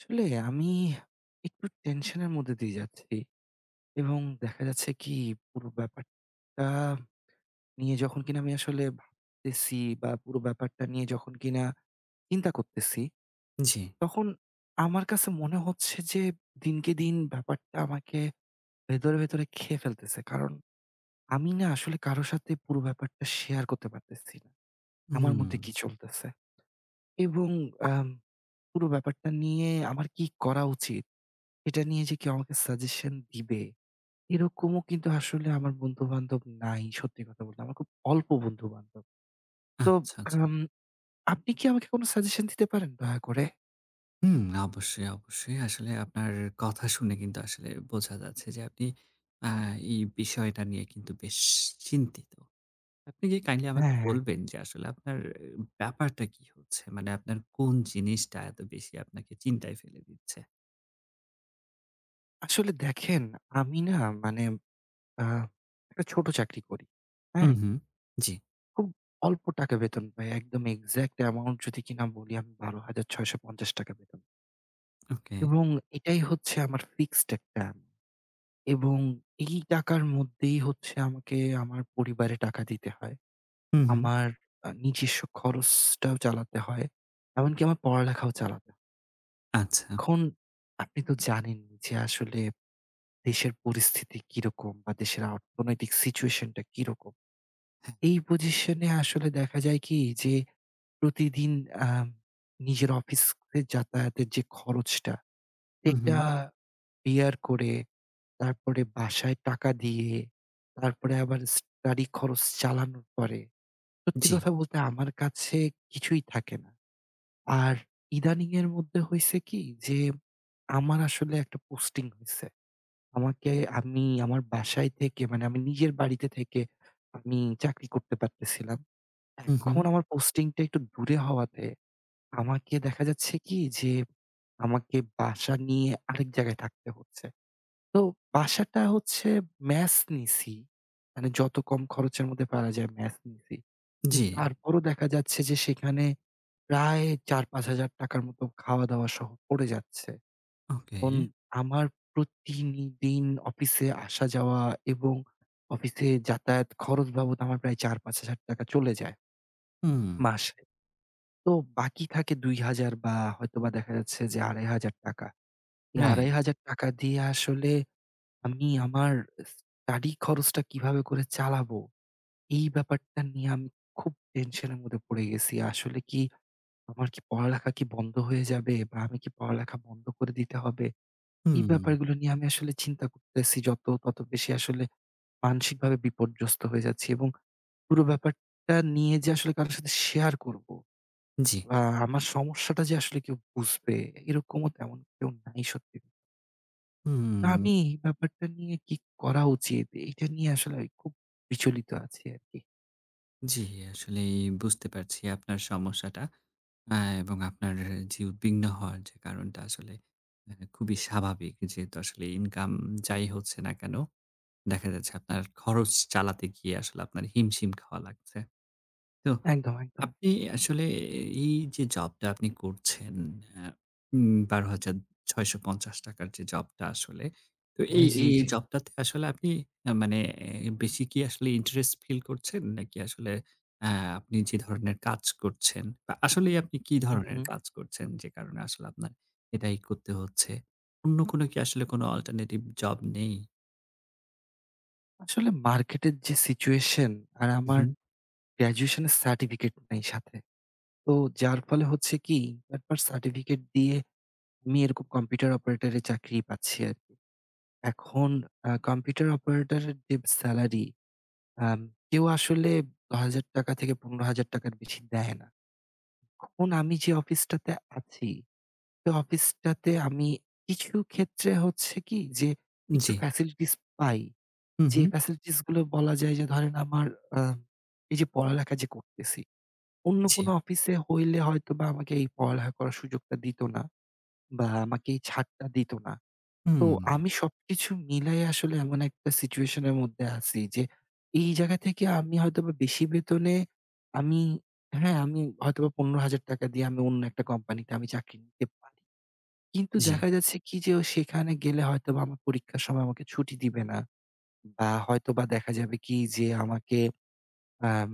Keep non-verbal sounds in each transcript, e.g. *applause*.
আসলেই আমি একটু টেনশন এর মধ্যে দিয়ে যাচ্ছি। এবং দেখা যাচ্ছে কি পুরো ব্যাপারটা নিয়ে যখন কিনা আমি আসলে ভাবতেছি বা পুরো ব্যাপারটা নিয়ে যখন কিনা চিন্তা করতেছি। জি। তখন আমার কাছে মনে হচ্ছে যে, দিনকে-দিন ব্যাপারটা আমাকে ভেতরে, ভেতরে খেয়ে ফেলতেছে, কারণ আমি না আসলে কারো সাথে পুরো ব্যাপারটা শেয়ার করতে পারতেছি না। আমার মধ্যে কি হুম। চলতেছে। এবং আম পুরো ব্যাপারটা নিয়ে আমার কি করা উচিত? এটা নিয়ে যে কেউ আমাকে সাজেশন দিবে, এরকমও কিন্তু আসলে আমার বন্ধুবান্ধব নাই সত্যি কথা বলতে। আমার খুব অল্প বন্ধুবান্ধব। তো আচ্ছা, আচ্ছা। এখন আপনি কি আমাকে কোন সাজেশন দিতে পারেন দয়া করে? হুম, অবশ্যই, অবশ্যই। আসলে আপনার কথা শুনে কিন্তু আসলে বোঝা যাচ্ছে যে আপনি আ এই বিষয়টা নিয়ে কিন্তু বেশ চিন্তিত। আপনি কি কাইন্ডলি এ আমাকে হ্যাঁ। বলবেন যে, আসলে আপনার ব্যাপারটা কী হচ্ছে? মানে আপনার কোন জিনিসটা এত বেশি আপনাকে চিন্তায় ফেলে দিচ্ছে? আসলে দেখেন, আমি না মানে আ একটা ছোট চাকরি করি। উ হ্যাঁ? হুম, ‍জি। খুব অল্প টাকা বেতন পাই। একদম এক্সাক্ট অ্যামাউন্ট যদি কিনা বলি আমি ৳১২,৬৫০ বেতন। ওকে। এবং এটাই হচ্ছে আমার ফিক্সড একটা এবং এই টাকার মধ্যেই হচ্ছে আমাকে আমার পরিবারে টাকা দিতে হয়। উ হুম। আমার আ নিজস্ব খরচটাও চালাতে হয়। এমনকি আমার পড়ালেখাও চালাতে আচ্ছা। এখন আপনি তো জানেন, যে আসলে দেশের পরিস্থিতি কী রকম বা দেশের অর্থনৈতিক সিচুয়েশনটা কী রকম। এই পজিশনে আসলে দেখা যায় কী? যে প্রতিদিন আ নিজের অফিস করে যাতায়াতের যে খরচটা, উ এটা হুম। বিয়ার করে, তারপরে বাসায় টাকা দিয়ে, তারপরে আবার স্টাডি খরচ চালানোর পরে, সত্যি জি। কথা বলতে আমার কাছে কিছুই থাকে না। আর ইদানিং এর মধ্যে হইছে কী? যে আমার আসলে একটা পোস্টিং হইছে। আমাকে আমি আমার বাসায় থেকে মানে আমি নিজের বাড়িতে থেকে আমি চাকরি করতে পারতেছিলাম। উ এখন হুম। আমার পোস্টিংটা একটু দূরে হওয়াতে, আমাকে দেখা যাচ্ছে কী, যে আমাকে বাসা নিয়ে আরেক জায়গায় থাকতে হচ্ছে। তো বাসাটা হচ্ছে ম্যাস নিছি। মানে যত কম খরচের মধ্যে পারা যায়, ম্যাস নিছি। কিন্তু জি। তারপরও দেখা যাচ্ছে যে সেখানে প্রায় ৳৪-৫,০০০ র মত খাওয়া-দাওয়া সহ পড়ে যাচ্ছে। এখন ওকে। আমার প্রতি দিন অফিসে আসা যাওয়া এবং অফিসে যাতায়াত খরচ বাবদ আমার প্রায় ৳৪-৫,০০০ চলে যায়। হুম। মাসে। তো বাকি থাকে ৳২,০০০ বা হয়তোবা দেখা যাচ্ছে যে ৳২৫০০। এই আড়াই রাইট। হাজার টাকা দিয়ে আসলে আমি আমার স্টাডি খরচটা কীভাবে করে চালাবো? এই ব্যাপারটা নিয়ে আমি খুব টেনশনের মধ্যে পড়ে গেছি। আসলে কী আমার কী পড়ালেখা কী বন্ধ হয়ে যাবে বা আমি কী পড়ালেখা বন্ধ করে দিতে হবে? এই হুম। ব্যাপারগুলো নিয়ে আমি আসলে চিন্তা করতেছি যত তত বেশি আসলে মানসিকভাবে বিপর্যস্ত হয়ে যাচ্ছি এবং পুরো ব্যাপারটা নিয়ে যে আসলে কারো সাথে শেয়ার করব। জি। বা আমার সমস্যাটা যে আসলে কেউ বুঝবে, এরকমও তেমন কেউ নাই সত্যি। হু। আমি, ব্যাপারটা নিয়ে কি করা উচিত? এইটা নিয়ে আসলে খুব বিচলিত আছি আরকি। জি, আসলেই বুঝতে পারছি, আপনার সমস্যাটা। আ এবং আপনার যে উদ্বিগ্ন হওয়ার যে কারণটা, আসলে আ খুবই স্বাভাবিক। যেহেতু আসলে ইনকাম যাই হচ্ছে না কেনো, দেখা যাচ্ছে আপনার খরচ চালাতে গিয়ে আসলে আপনার হিমশিম খাওয়া লাগছে। তো একদম, একদম। আপনি আসলে এই যে জবটা আপনি করছেন এ উম ৳১২,৬৫০ টাকার যে জবটা আসলে। তো জি, এই, জি, এ এই জি। জবটাতে আসলে আপনি আ মানে বেশি কি আসলে ইন্টারেস্ট ফিল করছেন? নাকি আসলে আ আপনি যে ধরনের কাজ করছেন বা আসলেই আপনি কী হু, ধরনের হু। কাজ করছেন? যে কারণে আসলে আপনার এটাই করতে হচ্ছে। অন্য কোনো কি আসলে কোনো অল্টারনেটিভ জব নেই? আসলে মার্কেটের যে সিচুয়েশন, আর উ আমার হু। গ্র্যাজুয়েশন এর সার্টিফিকেট নেই সাথে। তো যার ফলে হচ্ছে কি? একবার সার্টিফিকেট দিয়ে আমি এরকম কম্পিউটার অপারেটরে চাকরি পাচ্ছি আরকি। এখন আ কম্পিউটার অপারেটরের যে সেলারি, আ কেউ আসলে হাজার টাকা থেকে ৳১৫,০০০ এর বেশি দেয় না। এখন আমি যে অফিসটাতে আছি, সে অফিসটাতে আমি কিছু ক্ষেত্রে হচ্ছে কি, যে উ একটু জি। ফ্যাসিলিটিস পাই। উ যে হু। ফ্যাসিলিটিস গুলো বলা যায় যে ধরেন আমার আ এই যে পড়ালেখা যে করতেছি, অন্য কোনো জি। অফিসে হইলে হয়তোবা আমাকে এই পড়ালেখা করার সুযোগটা দিত না বা আমাকে এই ছাড়টা দিত না। তো হুম। আমি সবকিছু মিলায় আসলে এমন একটা সিচুয়েশন এর মধ্যে আছি। যে এই জায়গা থেকে আমি হয়তোবা বেশি বেতনে আমি হ্যাঁ, আমি হয়তোবা ৳১৫,০০০ দিয়ে আমি অন্য একটা কোম্পানিতে আমি চাক কিন *unintelligible* পারি। কিন্তু জি। দেখা যাচ্ছে কি যে ওই সেখানে গেলে হয়তোবা আমার পরীক্ষার সময় আমাকে ছুটি দিবে না বা হয়তোবা দেখা যাবে কি? যে আমাকে আম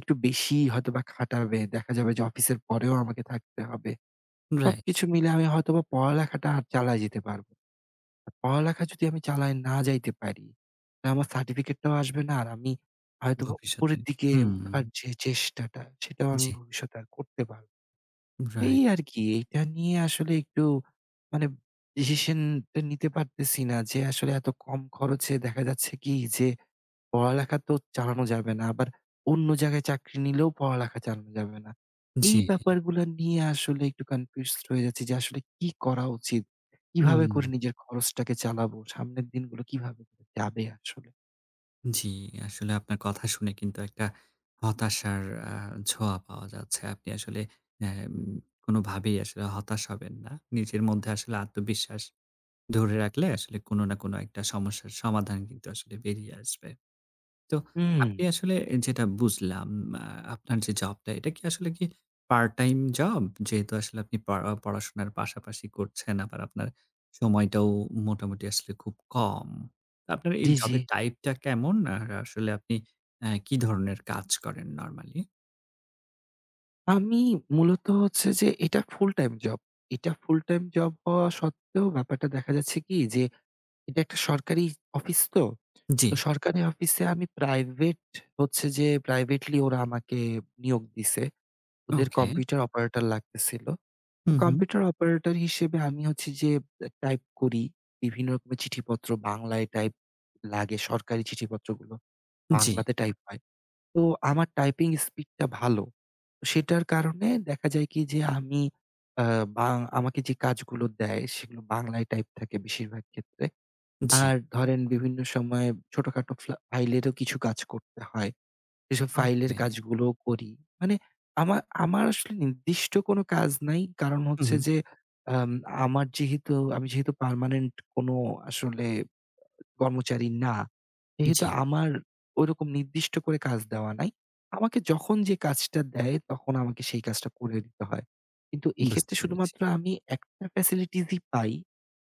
একটু বেশি হয়তোবা খাটাবে। দেখা যাবে যে অফিসের পরেও আমাকে থাকতে হবে। রাইট। সবকিছু মিলে আমি হয়তোবা পড়ালেখাটা আর চালায় যেতে পারবো। পড়ালেখা যদি আমি চালায় না যাইতে পারি, তো আমার সার্টিফিকেটটাও আসবে না। আর আমি আ হয়তোবা ভবিষ্যতে, উপরের দিকে হুম। উঠার যে চেষ্টাটা, সেটাও আমি জি। ভবিষ্যতে আর করতে পা রাই এই আরকি। এইটা নিয়ে আসলে একটু মানে ডিসিশনটা নিতে পারতেছি না। যে আসলে এত কম খরচে দেখা যাচ্ছে কি, যে পড়ালেখা তো চালানো যাবে না আবার অন্য জায়গায় চাকরি নিলেও পড়ালেখা চালানো যাবে না। এই জি। ব্যাপারগুলা নিয়ে আসলে একটু কনফিউজড হয়ে যাচ্ছি যে আসলে কি করা উচিত? কিভাবে হুম। করে নিজের খরচটাকে চালাবো, সামনের দিনগুলো কিভাবে যাবে আসলে? জ্বী, আসলে আপনার কথা শুনে কিন্তু একটা হতাশার আ ছোঁয়া পাওয়া যাচ্ছে। আপনি আসলে এম কোনভাবেই আসলে হতাশ হবেন না। নিজের মধ্যে আসলে আত্মবিশ্বাস ধরে রাখলে আসলে কোন না কোন একটা সমস্যার সমাধান কিন্তু আসলে বেরিয়ে আসবে। তো আপনি উম। আসলে এ যেটা বুঝলাম আ আপনার যে জবটা এটা কি আসলে কি পার্ট-টাইম জব? যেহেতু আসলে আপনি পড়া অ পড়াশোনার পাশাপাশি করছেন আবার আপনার সময়টাও মোটামুটি আসলে খুব কম। আপনার এই জ্বী, জ্বী। জবের টাইপটা কেমন? আর আসলে আপনি এ কী ধরনের কাজ করেন নরমালি? আমি মূলত হচ্ছে যে এটা ফুলটাইম জব। এটা ফুলটাইম জব হওয়া সত্ত্বেও ব্যাপারটা দেখা যাচ্ছে কি যে? এটা একটা সরকারি অফিস তো। জ্বী। তো সরকারে অফিসে আমি প্রাইভেট হচ্ছে যে প্রাইভেটলি ওরা আমাকে নিয়োগ দিছে। ওদের ওকে। কম্পিউটার অপারেটর লাগতেছিল। তো উহু। কম্পিউটার অপারেটর হিসেবে আমি হচ্ছে যে বে টাইপ করি বিভিন্ন বি চিঠিপত্র বাংলায় টাইপ লাগে সরকারি চিঠিপত্রগুলো জ্বী। বাংলাতে টাইপ হয়। তো আমার টাইপিং স্পিডটা ভালো। সেটার কারণে দেখা যায় কি? যে আমি আ বাং আমাকে যে কাজগুলো দেয় সেগুলো বাংলায় টাইপ থাকে বেশিরভাগ ক্ষেত্রে। জ্বী। আর ধরেন বিভিন্ন সময় ছোটখাটো ফ্লা ফাইলেরও কিছু কাজ করতে হয়। এসব ফাইলের ওকে। কাজগুলোও করি। মানে আমা আমার আসলে নির্দিষ্ট কোন কাজ নাই। কারণ হচ্ছে উহু। যে, আম আমার যেহেতু আমি যেহেতু পার্মানেন্ট কোন আসলে আ কর্মচারী না, যেহেতু জ্বী। আমার ঐরকম নির্দিষ্ট করে কাজ দেওয়া নাই। আমাকে যখন যে কাজটা দেয় তখন আমাকে সেই কাজটা করে দিতে হয়। কিন্তু বুঝতে এক্ষেত্রে পেরেছি। শুধুমাত্র আমি একটা ফেসিলিটিসই পাই।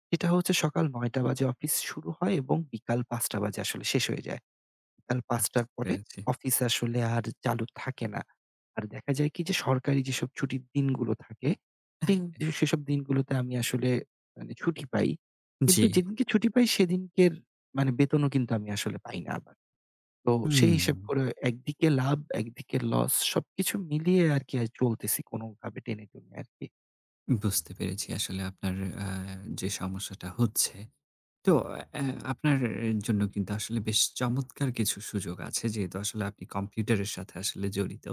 সেটা হচ্ছে সকাল ০৯ঃ০০ বাজে অফিস শুরু হয় এবং বিকাল ০৫ঃ০০ বাজে আসলে শেষ হয়ে যায়। আর বুঝ ০৫ঃ০০ র পরে পেরেছি। অফিস আসলে আর চালু থাকে না। আর দেখা যায় কি? যে সরকারি যেসব ছুটির দিনগুলো থাকে, পিং সেসব দিনগুলোতে আমি আসলে মানে ছুটি পাই। কিন্তু জ্বী। যেদিনকে ছুটি পাই সেদিনকের মানে বেতনও কিন্তু আমি আসলে পাই না আবার। তো সেই হিসাব উম। করে অ একদিকে লাভ, একদিকে লস। সবকিছু মিলিয়ে আরকি আ চলতেছি কোনভাবে টেনে-টুনে আরকি। বুঝতে পেরেছি। আসলে আপনার আ যে সমস্যাটা হচ্ছে। তো এ অ্যা আপনার এ জন্য কিন্তু আসলে বেশ চমৎকার কিছু সুযোগ আছে। যেহেতু আসলে আপনি কম্পিউটারের সাথে আসলে জড়িত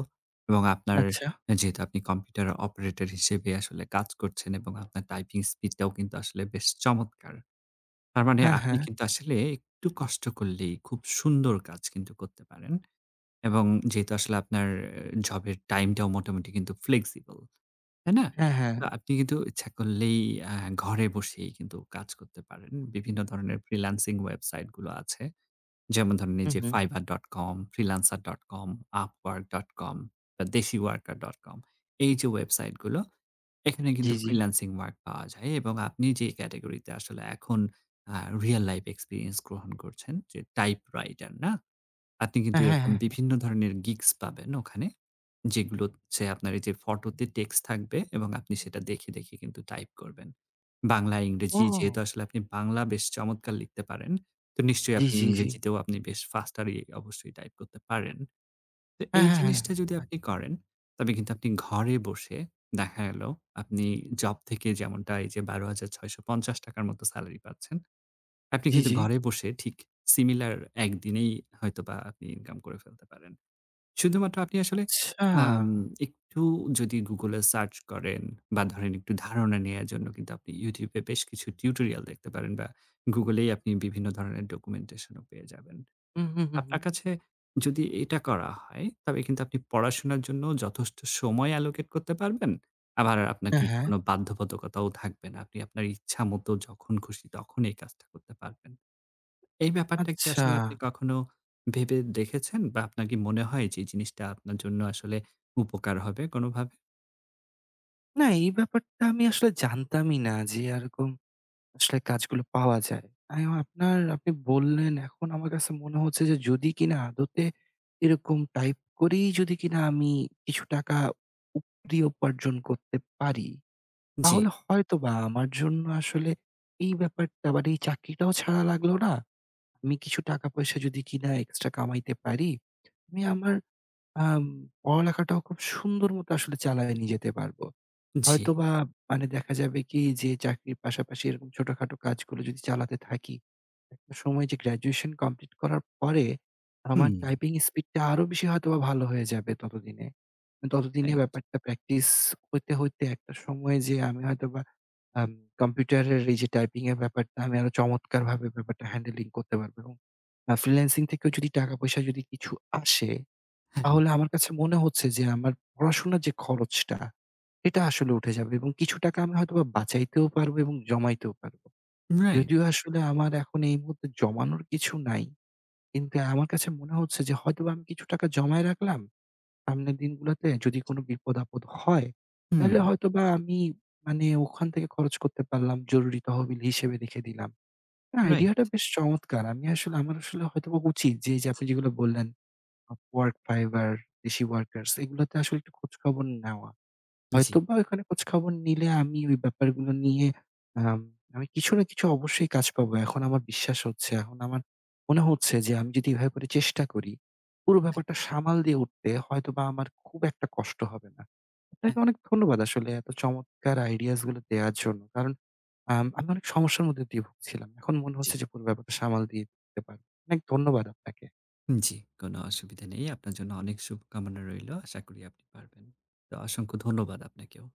এবং আপনার আচ্ছা। যেহেতু আপনি কম্পিউটার অপারেটর হিসেবে আসলে কাজ করছেন এবং আপনার টাইপিং স্পিডটাও কিন্তু আসলে বেশ চমৎকার! তার মানে হ্যাঁ, আপনি হ্যাঁ। কিন্তু আসলে একটু কষ্ট করলেই খুব সুন্দর কাজ কিন্তু করতে পারেন। এবং যেহেতু আসলে আপনার জবের টাইমটাও মোটামুটি কিন্তু ফ্লেক্সিবল। তাই না? হ্যাঁ, হ্যাঁ। তো আপনি কিন্তু ইচ্ছা করলেই আ ঘরে বসেই কিন্তু কাজ করতে পারেন। বিভিন্ন ধরনের ফ্রিল্যান্সিং ওয়েবসাইটগুলো আছে। যেমন ধরেন উ এইযে হুম। fiverr.com, freelancer.com, upwork.com বা deshiworker.com। এইযে ওয়েবসাইটগুলো, এখানে জি, কিন্তু জি। ফ্রিল্যান্সিং ওয়ার্ক পাওয়া যায় এবং আপনি যেই ক্যাটেগরিতে আসলে এখন আ রিয়াল লাইফ এক্সপেরিয়েন্স গ্রহণ করছেন, যে টাইপ রাইটার না? আপনি কিন্তু হ্যাঁ, হ্যাঁ, হ্যাঁ, এরকম হ্যাঁ। বিভিন্ন ধরনের GIGS পাবেন ওখানে। যেগুলো হচ্ছে আপনার এইযে ফটোতে টেক্সট থাকবে এবং আপনি সেটা দেখে, দেখে কিন্তু টাইপ করবেন। বাংলা, ইংরেজি যেহেতু ও! আসলে আপনি বাংলা বেশ চমৎকার লিখতে পারেন, তো নিশ্চয়ই জি, আপনি জি, জি। ইংরেজিতেও আপনি বেশ ফাস্টারই অবশ্যই টাইপ করতে পারেন। তো হ্যাঁ, এই হ্যাঁ, হ্যাঁ, জিনিসটা যদি হ্যাঁ। আপনি *unintelligible* করেন তবে কিন্তু আপনি ঘরে বসে দেখা গেল আপনি জব থেকে যেমনটা এই যে ৳১২,৬৫০ র মতো সেলারি পাচ্ছেন। আপনি জি, কিন্তু জি। ঘরে বসে ঠিক সিমিলার ১ দিনেই হয়তোবা আপনি ইনকাম করে ফেলতে পারেন। শুধুমাত্র আপনি আসলে আম আচ্ছা! একটু যদি Google-এ সার্চ করেন বা ধরেন একটু ধারণা নেয়ার জন্য কিন্তু আপনি YouTube-এ বেশ কিছু টিউটোরিয়াল দেখতে পারেন বা Google-এই আপনি বিভিন্ন ধরনের ডকুমেন্টেশন ও পেয়ে যাবেন। উ হু, হু, আপনার হুম। কাছে যদি এটা করা হয় তবে কিন্তু আপনি পড়াশোনার জন্য যথেষ্ট সময় অ্যালোকেট করতে পারবেন। আবার আপনার অ্যা কিন্তু হ্যাঁ। কোন বাধ্যবাধকতাও থাকবে না। আপনি আপনার ইচ্ছামত যখন খুশি তখন এই কাজটা করতে পারবেন। এই ব্যাপারটা কি আসলে আপনি আচ্ছা! কখনো ভেবে দেখেছেন বা আপনার কি মনে হয় যে এই জিনিসটা আপনার জন্য আসলে উপকার হবে কোনভাবে? না, এই ব্যাপারটা আমি আসলে জানতামই না যে এরকম, আসলে কাজগুলো পাওয়া যায়। আমি আপনার আপনি বললেন এখন আমার কাছে মনে হচ্ছে যে যদি কিনা আদতে, এরকম টাইপ করেই যদি কিনা আমি কিছু টাকা, উপরি উপার্জন করতে পারি, জি। তাহলে হয়তোবা আমার জন্য আসলে এই ব্যাপারটা বা মানে এই চাকরিটাও ছাড়া লাগলো না। আমি কিছু টাকা পয়সা যদি কিনা এক্সট্রা কামাইতে পারি, আমি আমার আম পড়ালেখাটাও খুব সুন্দর মত আসলে চালায়া নিয়ে যেতে পারব। জি। হয়তোবা মানে দেখা যাবে কি যে চাকরির পাশাপাশি এরকম ছোটখাটো কাজগুলো যদি চালাতে থাকি। একটা সময় যে গ্র্যাজুয়েশন কমপ্লিট করার পরে, আমার হুম। টাইপিং স্পিডটা আরো বেশি হয়তোবা ভালো হয়ে যাবে ততদিনে। ততদিনে রাইট। ব্যাপারটা প্র্যাকটিস হইতে, হইতে একটা সময় যেয়ে আমি হয়তোবা, আম কম্পিউটারের এইযে টাইপিং এর ব্যাপারটা আমি আরো চমৎকারভাবে ব্যাপারটা হ্যান্ডেলিং করতে পারবো। এবং আ ফ্রিল্যান্সিং থেকেও যদি টাকা পয়সা যদি কিছু আসে, হ্যাঁ। তাহলে আমার কাছে মনে হচ্ছে যে আমার পড়াশোনার যে খরচটা এটা আসলে উঠে যাবে। এবং কিছু টাকা আমি হয়তোবা বাঁচাইতেও পারবো এবং জমাইতেও পারব। রাইট। যদিও আসলে আমার এখন এই মুহূর্তে জমানোর কিছু নাই। কিন্তু আমার কাছে মনে হচ্ছে যে হয়তোবা আমি কিছু টাকা জমায় রাখলাম, সামনের দিনগুলোতে যদি কোনো বিপদ আপদ হয়, তাইলে হুম। হয়তোবা আমি মানে ওখান থেকে খরচ করতে পারলাম জরুরি তহবিল হিসেবে রেখে দিলাম। না রাইট। আইডিয়টা বেশ চমৎকার। আমি আসলে, আমার আসলে হয়তোবা উচিত যে এইযে আপনি যেগুলো বললেন, Upwork, Fiverr, Deshi Workers এগুলোতে আসলে একটু খোঁজখবর নেওয়া। জি। হয়তোবা ওইখানে খোঁজখবর নিলে আমি ওই ব্যাপারগুলো নিয়ে আম আমি কিছু না কিছু অবশ্যই কাজ পাবো, এখন আমার বিশ্বাস হচ্ছে এখন আমার, মনে হচ্ছে যে আমি যদি এভাবে করে চেষ্টা করি, পুরো হ্যাঁ। ব্যাপারটা সামাল দিয়ে উঠতে হয়তোবা আমার খুব একটা কষ্ট হবে না। অ্যা আপনাকে অনেক ধন্যবাদ আসলে এত চমৎকার আইডিয়াস গুলো দেয়ার জন্য। কারণ আম আমি অনেক সমস্যার মধ্যে দিয়ে ভুগছিলাম। এখন মনে জি। হচ্ছে যে পুরো ব্যাপারটা সামাল দিয়ে দিতে পারবো। অনেক ধন্যবাদ আপনাকে। উ জি, কোন অসুবিধা নেই, আপনার জন্য অনেক শুভকামনা রইলো, আশা করি আপনি পারবেন। তো অসংখ্য ধন্যবাদ আপনাকেও।